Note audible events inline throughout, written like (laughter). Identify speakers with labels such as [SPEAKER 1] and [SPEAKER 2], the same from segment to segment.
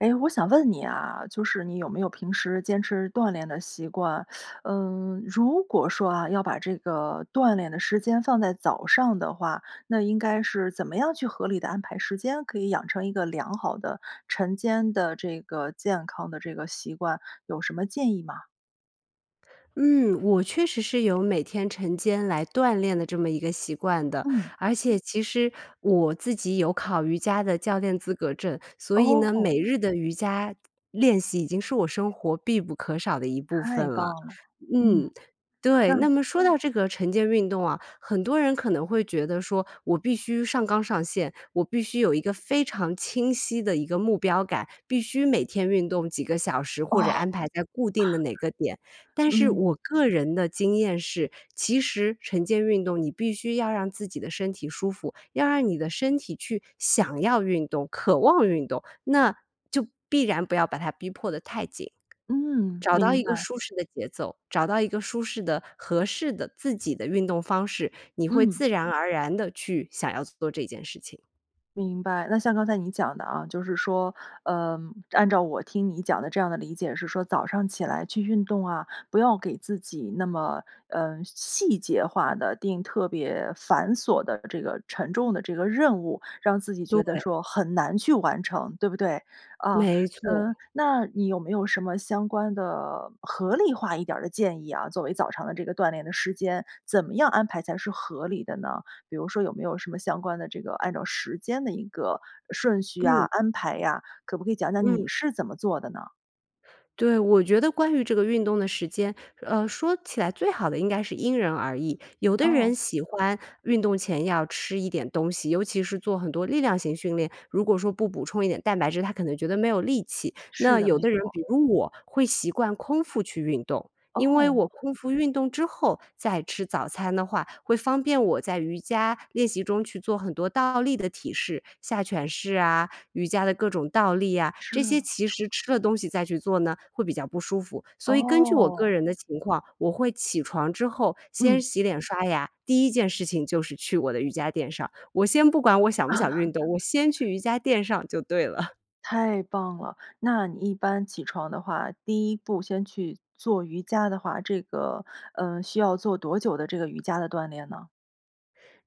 [SPEAKER 1] 哎，我想问你啊，就是你有没有平时坚持锻炼的习惯？(sucks teeth) 嗯，如果说啊，要把这个锻炼的时间放在早上的话，那应该是怎么样去合理地安排时间，可以养成一个良好的、晨间的，这个健康的这个习惯，有什么建议吗？
[SPEAKER 2] 嗯，我确实是有每天晨间来锻炼的这么一个习惯的，
[SPEAKER 1] 嗯。
[SPEAKER 2] 而且其实我自己有考瑜伽的教练资格证，所以呢，
[SPEAKER 1] 哦。
[SPEAKER 2] 每日的瑜伽练习，已经是我生活必不可少的一部分
[SPEAKER 1] 太棒
[SPEAKER 2] 了。
[SPEAKER 1] 了，嗯，
[SPEAKER 2] 嗯，对，
[SPEAKER 1] 那
[SPEAKER 2] 那么说到这个晨间运动啊，很多人可能会觉得说，我必须上纲上线，我必须有一个非常清晰的一个目标感，必须每天运动几个小时，或者
[SPEAKER 1] 哦。
[SPEAKER 2] 安排在固定的哪个点。但是
[SPEAKER 1] 嗯。
[SPEAKER 2] 我个人的经验是，其实晨间运动你必须要让自己的身体舒服，要让你的身体去想要运动、渴望运动，那就必然不要把它逼迫得太紧。
[SPEAKER 1] 嗯，
[SPEAKER 2] 找到
[SPEAKER 1] 明
[SPEAKER 2] 一个
[SPEAKER 1] 白。
[SPEAKER 2] 舒适的节奏，找到一个舒适的、合适的自己的运动方式，你会
[SPEAKER 1] 嗯。
[SPEAKER 2] 自然而然地去想要做这件事情。
[SPEAKER 1] 明白，那像刚才你讲的啊，就是说，呃，按照我听你讲的这样的理解是说，早上起来去运动啊，不要给自己那么，嗯，细节化的，定特别繁琐的这个沉重的这个任务，让自己觉得
[SPEAKER 2] 对。
[SPEAKER 1] 说很难去完成，对不对？啊，
[SPEAKER 2] 没
[SPEAKER 1] 嗯，
[SPEAKER 2] 错。
[SPEAKER 1] 那你有没有什么相关的、合理化一点儿的建议啊，作为早上的这个锻炼的时间，怎么样安排才是合理的呢？比如说有没有什么相关的这个，按照时间的一个顺序呀、
[SPEAKER 2] 嗯。
[SPEAKER 1] 安排呀，可不可以讲讲你
[SPEAKER 2] 嗯。
[SPEAKER 1] 是怎么做的呢？
[SPEAKER 2] 对，我觉得关于这个运动的时间，呃，说起来最好的应该是因人而异。有的
[SPEAKER 1] 哦。
[SPEAKER 2] 人喜欢运动前要吃一点东西，尤其是做很多力量型训练，如果说不补充一点蛋白质，他可能觉得没有力气。那
[SPEAKER 1] 是的，
[SPEAKER 2] 有
[SPEAKER 1] 没
[SPEAKER 2] 的人，
[SPEAKER 1] 错。
[SPEAKER 2] 比如我会习惯空腹去运动，因为我
[SPEAKER 1] 哦。
[SPEAKER 2] 空腹运动之后，再吃早餐的话，会方便我在瑜伽练习中去做很多倒立的体式。下犬式啊、瑜伽的各种倒立啊，这些
[SPEAKER 1] 是。
[SPEAKER 2] 其实吃了东西再去做呢，会比较不舒服。所以根据我个
[SPEAKER 1] 哦。
[SPEAKER 2] 人的情况，我会起床之后，先
[SPEAKER 1] 嗯。
[SPEAKER 2] 洗脸刷牙，第1件事情就是去我的瑜伽垫上，我先不管我想不想运动，我先
[SPEAKER 1] (laughs)
[SPEAKER 2] 去瑜伽垫上就对了。
[SPEAKER 1] 太棒了，那你一般起床的话，第1步先去做瑜伽的话，这个，呃，需要做多久的这个瑜伽的锻炼呢？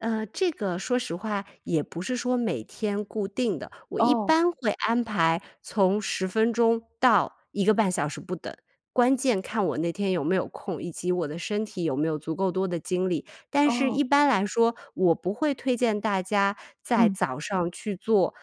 [SPEAKER 2] 呃，这个说实话，也不是说每天固定的。我一
[SPEAKER 1] 哦。
[SPEAKER 2] 般会安排从10分钟到1个半小时不等，关键看我那天有没有空，以及我的身体有没有足够多的精力。但是
[SPEAKER 1] 哦。
[SPEAKER 2] 一般来说，我不会推荐大家在
[SPEAKER 1] 嗯。
[SPEAKER 2] 早上去做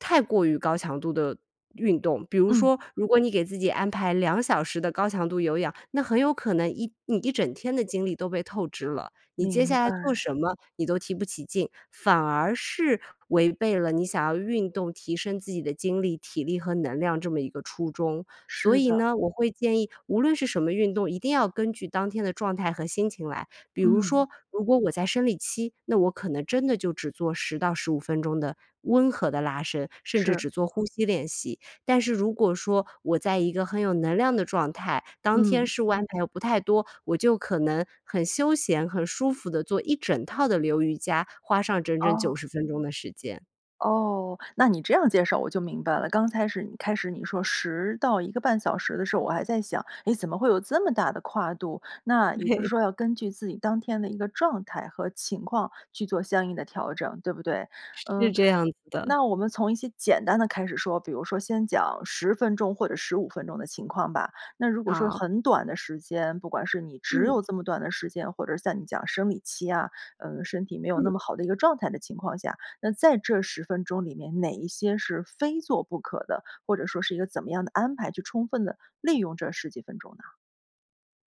[SPEAKER 2] 太过于高强度的运动。比如
[SPEAKER 1] 嗯。
[SPEAKER 2] 说如果你给自己安排2小时的高强度有氧，那很有可能一你一整天的精力都被透支了，你接
[SPEAKER 1] 明
[SPEAKER 2] 下来做
[SPEAKER 1] 白。
[SPEAKER 2] 什么，你都提不起劲，反而是违背了你想要运动提升自己的精力、体力和能量这么一个初衷。所
[SPEAKER 1] 是
[SPEAKER 2] 以
[SPEAKER 1] 的。
[SPEAKER 2] 呢，我会建议无论是什么运动，一定要根据当天的状态和心情来。比如
[SPEAKER 1] 嗯。
[SPEAKER 2] 说，如果我在生理期，那我可能真的就只做10到15分钟的温和的拉伸，甚至
[SPEAKER 1] 是。
[SPEAKER 2] 只做呼吸练习。但是如果说我在一个很有能量的状态，当天
[SPEAKER 1] 嗯。
[SPEAKER 2] 事务安排又不太多，我就可能很休闲、很舒服地做一整套的流瑜伽，花上整整九
[SPEAKER 1] 哦。
[SPEAKER 2] 十分钟的时间。
[SPEAKER 1] 哦，那你这样介绍我就明白了。刚才始开始你说10到1个半小时的时候，我还在想，哎，怎么会有这么大的跨度？那也就是
[SPEAKER 2] 对。
[SPEAKER 1] 说，要根据自己当天的一个状态和情况去做相应的调整，对不对？
[SPEAKER 2] 是
[SPEAKER 1] 嗯，
[SPEAKER 2] 这样子
[SPEAKER 1] 那
[SPEAKER 2] 的。
[SPEAKER 1] 我们从一些简单的开始说，比如说先讲10分钟或者15分钟的情况吧。那如果说
[SPEAKER 2] 好。
[SPEAKER 1] 很短的时间，不管是你只
[SPEAKER 2] 嗯。
[SPEAKER 1] 有这么短的时间，或者在你讲生理期啊，呃，身体没有那
[SPEAKER 2] 嗯。
[SPEAKER 1] 么好的一个状态的情况下，那在这10分钟里面，哪一些是非做不可的，或者说是一个怎么样的安排，去充分地利用这10几分钟呢？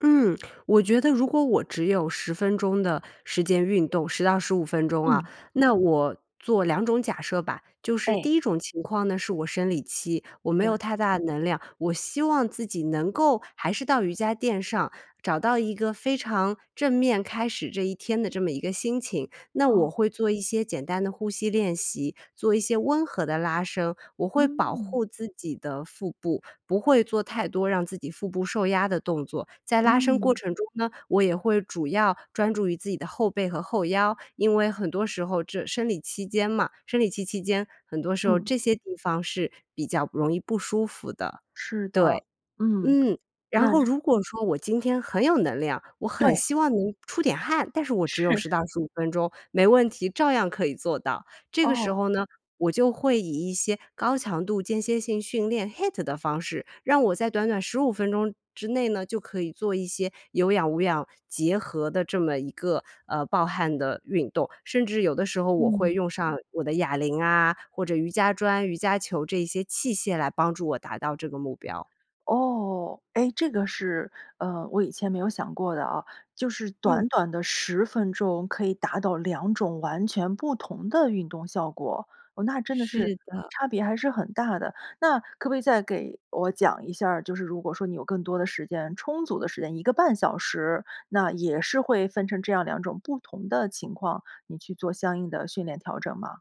[SPEAKER 2] 嗯，我觉得如果我只有10分钟的时间运动，10到15分钟啊，
[SPEAKER 1] 嗯。
[SPEAKER 2] 那我做2种假设吧。就是
[SPEAKER 1] 哎。
[SPEAKER 2] 第1种情况呢，是我生理期，我没有
[SPEAKER 1] 对。
[SPEAKER 2] 太大的能量，我希望自己能够还是到瑜伽垫上，找到一个非常正面开始这一天的这么一个心情。那我
[SPEAKER 1] 哦。
[SPEAKER 2] 会做一些简单的呼吸练习，做一些温和的拉伸，我会保
[SPEAKER 1] 嗯。
[SPEAKER 2] 护自己的腹部，不会做太多让自己腹部受压的动作。在拉伸过
[SPEAKER 1] 嗯。
[SPEAKER 2] 程中呢，我也会主要专注于自己的后背和后腰。因为很多时候这生理期间嘛生理期期间，很多时候
[SPEAKER 1] 嗯。
[SPEAKER 2] 这些地方是比较容易不舒服的，
[SPEAKER 1] 是的，
[SPEAKER 2] 对。
[SPEAKER 1] 嗯，
[SPEAKER 2] 嗯，
[SPEAKER 1] 那
[SPEAKER 2] 然后
[SPEAKER 1] 这
[SPEAKER 2] 如果说我今天很有能量，我很
[SPEAKER 1] 对。
[SPEAKER 2] 希望能出点汗，但是我只有
[SPEAKER 1] 是。
[SPEAKER 2] 10到15分钟，没问题，照样可以做到。这个时
[SPEAKER 1] 哦。
[SPEAKER 2] 候呢，我就会以一些高强度间歇性训练 HIIT 的方式，让我在短短15分钟之内呢，就可以做一些有氧无氧结合的这么一个，呃，爆汗的运动，甚至有的时候我会
[SPEAKER 1] 嗯。
[SPEAKER 2] 用上我的哑铃啊，或者瑜伽砖、瑜伽球这一些器械来帮助我达到这个目标。
[SPEAKER 1] 哦，哎，这个是，呃，我以前没有想过的啊。就是
[SPEAKER 2] 嗯。
[SPEAKER 1] 短短的10分钟，可以达到2种完全不同的运动效果。哦，那真的是
[SPEAKER 2] 是的。
[SPEAKER 1] 差别还是很大的。那可不可以再给我讲一下儿，就是如果说你有更多的时间、充足的时间，1个半小时，那也是会分成这样2种不同的情况，你去做相应的训练调整吗？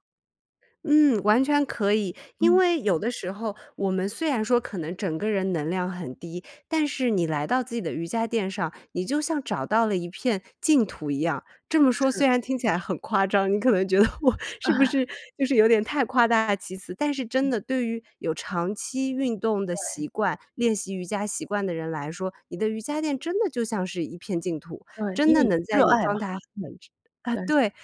[SPEAKER 2] 嗯，完全可以。因
[SPEAKER 1] 嗯。
[SPEAKER 2] 为有的时候，我们虽然说可能整个人能量很低，但是你来到自己的瑜伽垫上，你就像找到了一片净土一样。这么说
[SPEAKER 1] 是。
[SPEAKER 2] 虽然听起来很夸张，你可能觉得我是不是
[SPEAKER 1] (laughs)
[SPEAKER 2] 就是有点太夸大其词。但是真
[SPEAKER 1] 嗯。
[SPEAKER 2] 的对于有长期运动的习
[SPEAKER 1] 对。
[SPEAKER 2] 惯、练习瑜伽习惯的人来说，你的瑜伽垫真的就像是一片净土，
[SPEAKER 1] 对，
[SPEAKER 2] 真
[SPEAKER 1] 因
[SPEAKER 2] 的
[SPEAKER 1] 为
[SPEAKER 2] 能在
[SPEAKER 1] 热
[SPEAKER 2] 你
[SPEAKER 1] 爱
[SPEAKER 2] 状
[SPEAKER 1] 嘛。
[SPEAKER 2] 态很差啊，
[SPEAKER 1] 对。
[SPEAKER 2] 对，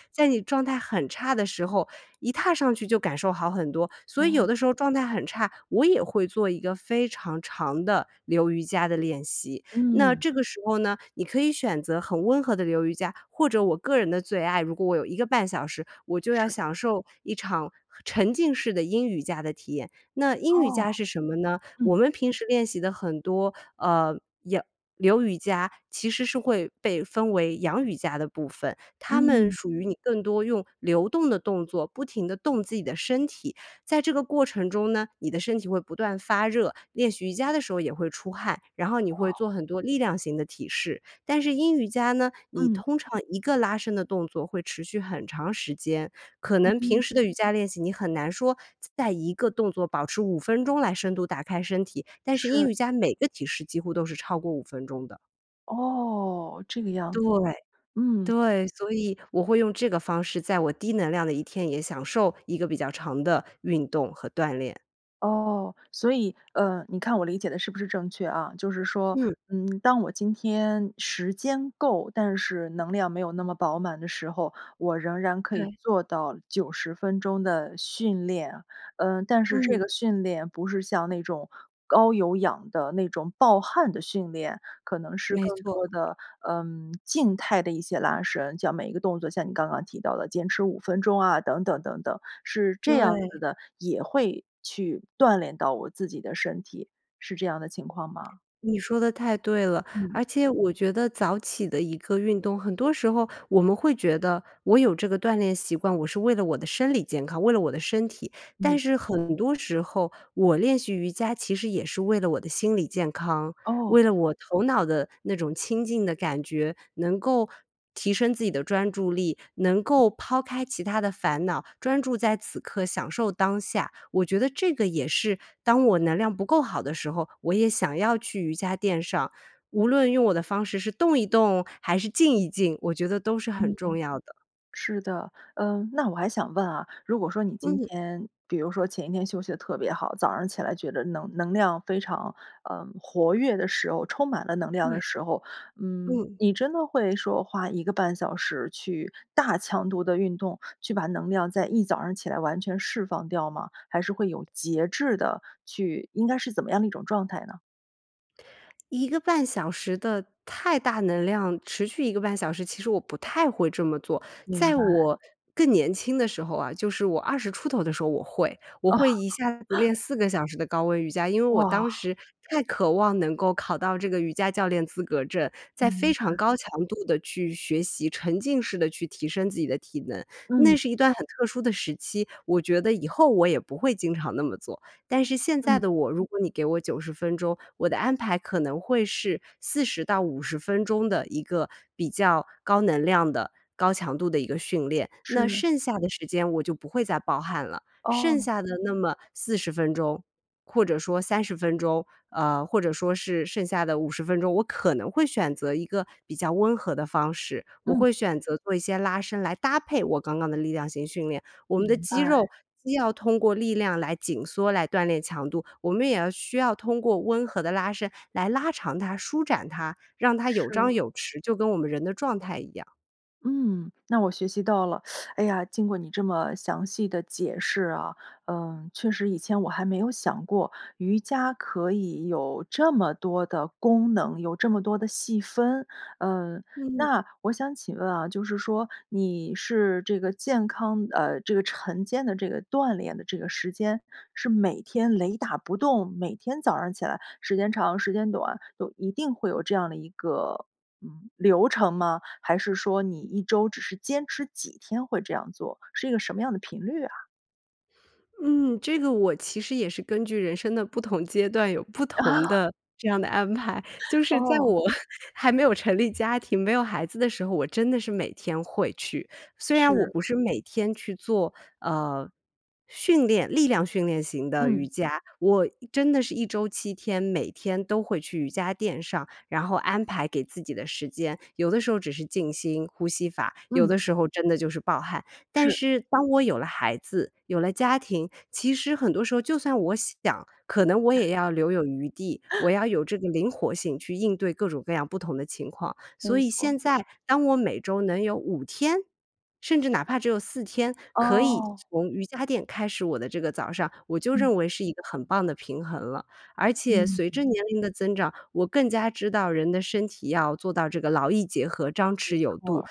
[SPEAKER 2] 状态很差的时候，一踏上去就感受好很多。所以
[SPEAKER 1] 哦。
[SPEAKER 2] 有的时候状态很差，我也会做一个非常长的流瑜伽的练习。那
[SPEAKER 1] 嗯。
[SPEAKER 2] 这个时候呢，你可以选择很温和的流瑜伽，或者我个人的最爱，如果我有1个半小时，我就要
[SPEAKER 1] 是。
[SPEAKER 2] 享受一场沉浸式的阴瑜伽的体验。那阴瑜
[SPEAKER 1] 哦，
[SPEAKER 2] 伽是什么呢？我
[SPEAKER 1] 嗯。
[SPEAKER 2] 们平时练习的很多，呃，有流瑜伽其实是会被分为阳瑜伽的部分。它们
[SPEAKER 1] 嗯。
[SPEAKER 2] 属于你更多用流动的动作，不停地动自己的身体。在这个过程中呢，你的身体会不断发热，练习瑜伽的时候也会出汗，然后你会
[SPEAKER 1] 哦。
[SPEAKER 2] 做很多力量型的体式。但是阴瑜伽呢，你
[SPEAKER 1] 嗯。
[SPEAKER 2] 通常一个拉伸的动作会持续很长时间，可
[SPEAKER 1] 嗯
[SPEAKER 2] 能平
[SPEAKER 1] 嗯。
[SPEAKER 2] 时的瑜伽练习，你很难说在一个动作保持5分钟来深度打开身体，但是
[SPEAKER 1] 是。
[SPEAKER 2] 阴瑜伽每个体式几乎都是超过5分钟的。
[SPEAKER 1] 哦，这个样
[SPEAKER 2] 对，
[SPEAKER 1] 子，嗯。
[SPEAKER 2] 对，所以我会用这个方式，在我低能量的一天，也享受一个比较长的运动和锻炼。
[SPEAKER 1] 哦，所以，呃，你看我理解得是不是正确啊？就是说，
[SPEAKER 2] 嗯。
[SPEAKER 1] 嗯，(clicks tongue) 当我今天时间够，但是能量没有那么饱满的时候，我仍然可以
[SPEAKER 2] 对。
[SPEAKER 1] 做到90分钟的训练。呃，但是这
[SPEAKER 2] 嗯。
[SPEAKER 1] 个训练不是像那种，高有氧的那种爆汗的训练。可能是
[SPEAKER 2] 没
[SPEAKER 1] 更
[SPEAKER 2] 错。
[SPEAKER 1] 多的，嗯，静态的一些拉伸。就每一个动作像你刚刚提到的坚持5分钟啊，等等等等，是这样
[SPEAKER 2] 对。
[SPEAKER 1] 子的，也会去锻炼到我自己的身体，是这样的情况吗？
[SPEAKER 2] 你说得太对了。
[SPEAKER 1] 嗯。
[SPEAKER 2] 而且我觉得早起的一个运动，很多时候我们会觉得我有这个锻炼习惯，我是为了我的生理健康、为了我的身体，
[SPEAKER 1] 没
[SPEAKER 2] 但是很多时候我练习瑜伽，其实也是为了我的心理健康，
[SPEAKER 1] 哦。
[SPEAKER 2] 为了我头脑的那种清静的感觉。能够提升自己的专注力，能够抛开其他的烦恼，专注在此刻享受当下。我觉得这个也是当我能量不够好的时候，我也想要去瑜伽垫上，无论用我的方式，是动一动还是静一静，我觉得都是很
[SPEAKER 1] 嗯，嗯。
[SPEAKER 2] 重要的。
[SPEAKER 1] 是的，嗯，那我还想问啊，如果说你今
[SPEAKER 2] 嗯。
[SPEAKER 1] 天，比如说前一天休息得特别好，早上起来觉得能能量非常，呃，活跃的时候，充满了能量的
[SPEAKER 2] 对。
[SPEAKER 1] 时候，嗯，
[SPEAKER 2] 嗯。
[SPEAKER 1] 你真的会说花1个半小时去大强度地运动，去把能量在一早上起来完全释放掉吗？还是会有节制地去应该是怎么样的一种状态呢？
[SPEAKER 2] 1个半小时的太大能量，持续1个半小时，其实我不太会这么做。
[SPEAKER 1] 明
[SPEAKER 2] 在
[SPEAKER 1] 白。
[SPEAKER 2] 我更年轻的时候啊，就是我20出头的时候，我会。我
[SPEAKER 1] 哦。
[SPEAKER 2] 会一下子
[SPEAKER 1] (laughs)
[SPEAKER 2] 练4个小时的高温瑜伽，因为我当
[SPEAKER 1] 哇。
[SPEAKER 2] 时太渴望能够考到这个瑜伽教练资格证，在非
[SPEAKER 1] 明
[SPEAKER 2] 常
[SPEAKER 1] 白。
[SPEAKER 2] 高强度地去学习，沉浸式地去提升自己的体能。那
[SPEAKER 1] 嗯。
[SPEAKER 2] 是一段很特殊的时期，我觉得以后我也不会经常那么做。但是现在
[SPEAKER 1] 嗯。
[SPEAKER 2] 的我，如果你给我90分钟，我的安排可能会是40到50分钟的一个比较高能量的、高强度的一个训练。那
[SPEAKER 1] 是。
[SPEAKER 2] 剩下的时间我就不会再爆汗了，剩
[SPEAKER 1] 哦。
[SPEAKER 2] 下的那么40分钟或者说30分钟，呃，或者说是剩下的50分钟，我可能会选择一个比较温和的方式。我
[SPEAKER 1] 嗯。
[SPEAKER 2] 会选择做一些拉伸来搭配我刚刚的力量型训练，我们的
[SPEAKER 1] 明
[SPEAKER 2] 肌
[SPEAKER 1] 白。
[SPEAKER 2] 肉既要通过力量来紧缩、来锻炼强度，我们也要需要通过温和的拉伸来拉长它、舒展它，让它有
[SPEAKER 1] 是。
[SPEAKER 2] 张有弛，就跟我们人的状态一样。
[SPEAKER 1] 嗯，那我学习到了。(inhales) 哎呀，经过你这么详细的解释啊，嗯，确实以前我还没有想过，瑜伽可以有这么多的功能，有这么多的细分。呃，
[SPEAKER 2] 嗯。
[SPEAKER 1] 那我想请问啊，就是说你是这个健康呃，这个晨间的这个锻炼的这个时间，是每天雷打不动，每天早上起来，时间长、时间短，都一定会有这样的一个，嗯，流程吗？还是说你1周只是坚持几天会这样做，是一个什么样的频率啊？
[SPEAKER 2] 嗯，这个我其实也是根据人生的不同阶段，有不同
[SPEAKER 1] (laughs)
[SPEAKER 2] 的这样的安排。就
[SPEAKER 1] (laughs)
[SPEAKER 2] 是在
[SPEAKER 1] 哦。
[SPEAKER 2] 我 (chuckles) 还没有成立家庭，没有孩子的时候，我真的是每天会去。虽然我
[SPEAKER 1] 是。
[SPEAKER 2] 不是每天去做，呃，训练力量训练型的瑜
[SPEAKER 1] 嗯。
[SPEAKER 2] 伽，我一真的是1周7天，每天都会去瑜伽垫上，然后安排给自己的时间。有的时候只是静心呼吸法，有
[SPEAKER 1] 嗯。
[SPEAKER 2] 的时候真的就是爆汗。但
[SPEAKER 1] 是。
[SPEAKER 2] 是当我有了孩子、有了家庭，其实很多时候就算我想，可能我
[SPEAKER 1] (chuckles)
[SPEAKER 2] 也要留有余地，我
[SPEAKER 1] (laughs)
[SPEAKER 2] 要有这个灵活性去应对各种各样不同的情况。所
[SPEAKER 1] 没
[SPEAKER 2] 以
[SPEAKER 1] 错。
[SPEAKER 2] 现在当我每周能有5天，甚至哪怕只有4天可以
[SPEAKER 1] 哦。
[SPEAKER 2] 从瑜伽垫开始我的这个早上，我就
[SPEAKER 1] 嗯。
[SPEAKER 2] 认为是一个很棒的平衡了。而且随着
[SPEAKER 1] 嗯。
[SPEAKER 2] 年龄的增长，我更加知道人的身体要做到这个劳逸结合、张弛
[SPEAKER 1] 没
[SPEAKER 2] 有度。
[SPEAKER 1] 错。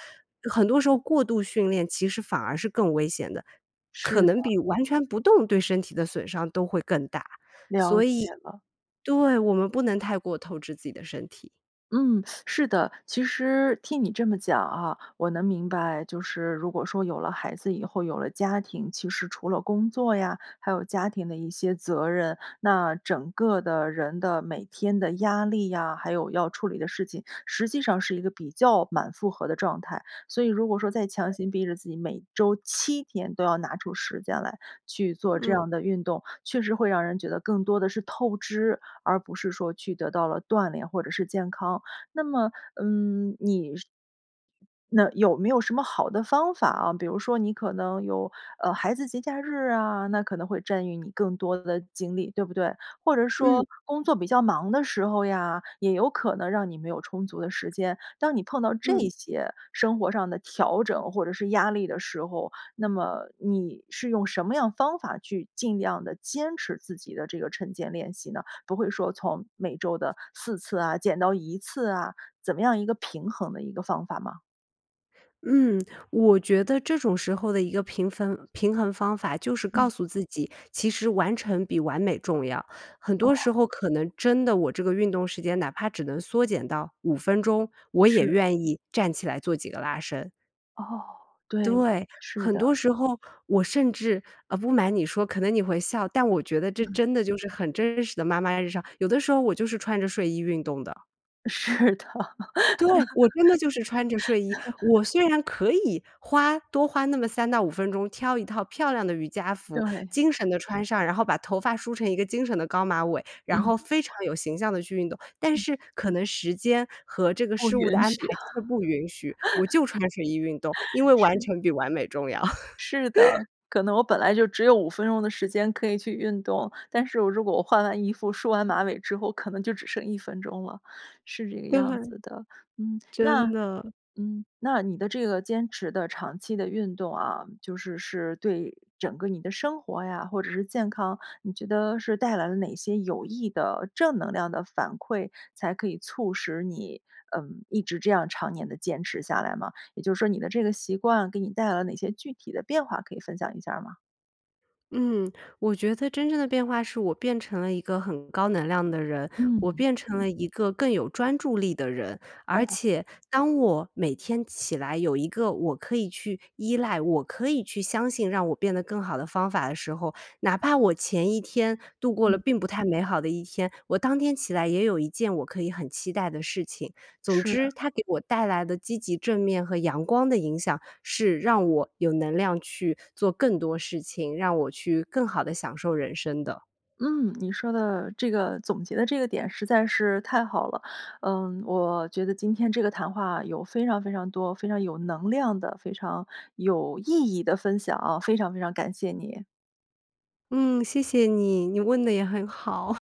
[SPEAKER 2] 很多时候过度训练，其实反而是更危险的，
[SPEAKER 1] 是
[SPEAKER 2] 可
[SPEAKER 1] 的。
[SPEAKER 2] 能比完全不动，对身体的损伤都会更大。
[SPEAKER 1] 了
[SPEAKER 2] 所
[SPEAKER 1] 解
[SPEAKER 2] 以
[SPEAKER 1] 了。
[SPEAKER 2] 对，我们不能太过透支自己的身体。
[SPEAKER 1] 嗯，(sucks teeth) 是的，其实听你这么讲啊，我能明白，就是如果说有了孩子以后，有了家庭，其实除了工作呀，还有家庭的一些责任，那整个的人的每天的压力呀，还有要处理的事情，实际上是一个比较满负荷的状态。所以如果说再强行逼着自己，每周7天都要拿出时间来，去做这样
[SPEAKER 2] 嗯。
[SPEAKER 1] 的运动，确实会让人觉得更多的是透支，而不是说去得到了锻炼或者是健康，那么，嗯，你是那有没有什么好的方法啊，比如说你可能有呃，孩子节假日啊，那可能会占用你更多的精力，对不对？或者说
[SPEAKER 2] 嗯。
[SPEAKER 1] 工作比较忙的时候呀，也有可能让你没有充足的时间，当你碰到这
[SPEAKER 2] 嗯。
[SPEAKER 1] 些生活上的调整或者是压力的时候，那么你是用什么样方法，去尽量地坚持自己的这个晨间练习呢？不会说从每周的4次啊，减到1次啊，怎么样一个平衡的一个方法吗？
[SPEAKER 2] 嗯，我觉得这种时候的一个平分平衡方法，就是告
[SPEAKER 1] 嗯。
[SPEAKER 2] 诉自己其实完成比完美重要。很多
[SPEAKER 1] 哦。
[SPEAKER 2] 时候可能真的，我这个运动时间哪怕只能缩减到5分钟，我也
[SPEAKER 1] 是。
[SPEAKER 2] 愿意站起来做几个拉伸。
[SPEAKER 1] 哦，对，
[SPEAKER 2] 对，
[SPEAKER 1] 是
[SPEAKER 2] 很
[SPEAKER 1] 的。
[SPEAKER 2] 多时候我甚至呃，不瞒你说，可能你会笑，但我觉得这
[SPEAKER 1] 嗯。
[SPEAKER 2] 真的就是很真实的妈妈日常，有的时候我就是穿着睡衣运动的。
[SPEAKER 1] 是的。
[SPEAKER 2] 对，我真的就是穿着睡衣，我
[SPEAKER 1] (laughs)
[SPEAKER 2] 虽然可以花多花那么3到5分钟挑一套漂亮的瑜伽服，
[SPEAKER 1] 对。
[SPEAKER 2] 精神地穿上，然后把头发梳成一个精神的高马尾，然
[SPEAKER 1] 嗯。
[SPEAKER 2] 后非常有形象地去运动，但
[SPEAKER 1] 嗯。
[SPEAKER 2] 是可能时间和这个
[SPEAKER 1] 不
[SPEAKER 2] 事物的
[SPEAKER 1] 允
[SPEAKER 2] 安排
[SPEAKER 1] 许啊，
[SPEAKER 2] 真的不允许，我就穿睡衣运动，因为
[SPEAKER 1] (laughs)
[SPEAKER 2] 完
[SPEAKER 1] 是。
[SPEAKER 2] 成比完美重要。
[SPEAKER 1] 是的，可能我
[SPEAKER 2] (laughs)
[SPEAKER 1] 本来就只有5分钟的时间可以去运动，但是我如果我换完衣服，梳完马尾之后，可能就只剩1分钟了，是这个
[SPEAKER 2] 对，
[SPEAKER 1] 样
[SPEAKER 2] 换
[SPEAKER 1] 子的。嗯，
[SPEAKER 2] 真
[SPEAKER 1] 那
[SPEAKER 2] 的。
[SPEAKER 1] 嗯，那你的这个坚持的长期的运动啊，就是是对整个你的生活呀，或者是健康，你觉得是带来了哪些有益的正能量的反馈，才可以促使你，嗯，一直这样常年地坚持下来吗？也就是说你的这个习惯，给你带来了哪些具体的变化可以分享一下儿吗？
[SPEAKER 2] 嗯，我觉得真正的变化是我变成了一个很高能量的人，我
[SPEAKER 1] 嗯。
[SPEAKER 2] 变成了一个更有专注力的人，而
[SPEAKER 1] 哦。
[SPEAKER 2] 且当我每天起来有一个我可以去依赖，我可以去相信让我变得更好的方法的时候，哪怕我前一天度过了
[SPEAKER 1] 嗯。
[SPEAKER 2] 并不太美好的一天，我当天起来也有一件我可以很期待的事情。总
[SPEAKER 1] 是。
[SPEAKER 2] 之，它给我带来的积极正面和阳光的影响，是让我有能量去做更多事情，让我去更好地享受人生的。
[SPEAKER 1] 嗯，你说的这个总结的这个点实在是太好了。呃，我觉得今天这个谈话有非常非常多、非常有能量的、非常有意义的分享啊，非常非常感谢你。
[SPEAKER 2] 嗯，谢谢你，你问得也很好。(laughs)